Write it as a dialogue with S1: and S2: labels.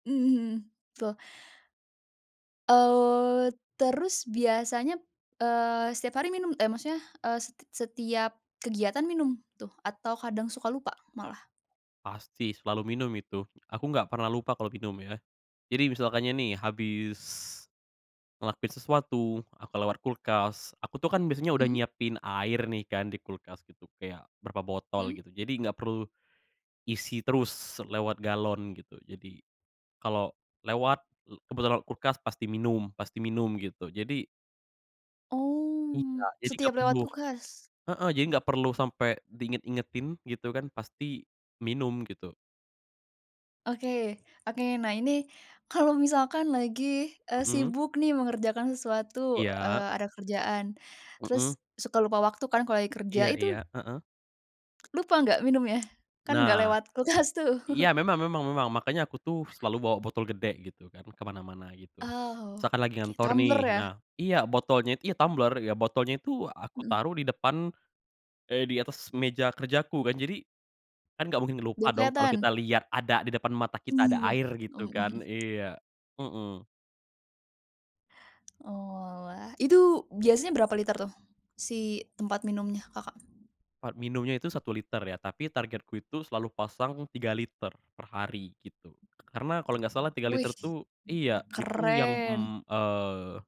S1: Mmm. [unintelligible] Eee, terus biasanya, eee, setiap hari minum eh maksudnya, eee, set setiap kegiatan minum tuh atau kadang suka lupa, malah?
S2: Pasti selalu minum itu, aku nggak pernah lupa kalau minum ya. Jadi misalkannya nih, habis ngelakuin sesuatu, aku lewat kulkas, aku tuh kan biasanya udah
S1: Mhm.
S2: nyiapin air nih kan di kulkas gitu kayak berapa botol
S1: Mhm.
S2: gitu, jadi nggak perlu isi terus lewat galon gitu. Jadi kalo lewat, l kebetulan lewat kulkas pasti minum pasti minum, gitu. Jadi Iya,
S1: Oh,
S2: jadi nggak
S1: setiap lewat
S2: perlu
S1: kulkas.
S2: heeh, jadi nggak perlu sampe di inget-ingetin gitu kan pasti minum, gitu.
S1: Oke, oke, nah ini kalau misalkan lagi, eee,
S2: Mhm.
S1: sibuk nih mengerjakan sesuatu,
S2: Iya.
S1: eee, ada kerjaan terus
S2: Mhm.
S1: suka lupa waktu kan kalau lagi kerja,
S2: Iya iya.
S1: itu
S2: Heeh.
S1: lupa nggak minumnya? Kan nggak
S2: Nah
S1: lewat kulkas tuh.
S2: iya memang memang memang, makanya aku tuh selalu bawa botol gede gitu kan, ke mana-mana, gitu.
S1: Oh,
S2: Misalkan lagi
S1: kayak
S2: ngantor nih
S1: tumbler ya?
S2: nah iya botolnya itu ya tumbler, ya botolnya itu aku
S1: Mhm.
S2: taruh di depan eh di atas meja kerjaku. Kan jadi, kan nggak mungkin lupa
S1: Biar
S2: dong kalo
S1: keliatan.
S2: kita lihat ada di depan mata kita ada
S1: Iya.
S2: air gitu
S1: Mhm mhm.
S2: kan, iya. Heeh.
S1: Oalah. Itu biasanya berapa liter tuh si tempat minumnya, Kakak?
S2: Tempat minumnya itu 1 liter ya, tapi targetku itu selalu pasang 3 liter per hari, gitu. Karena kalo nggak salah 3 liter
S1: Wih,
S2: tuh iya, itu yang,
S1: keren.
S2: mmm, eee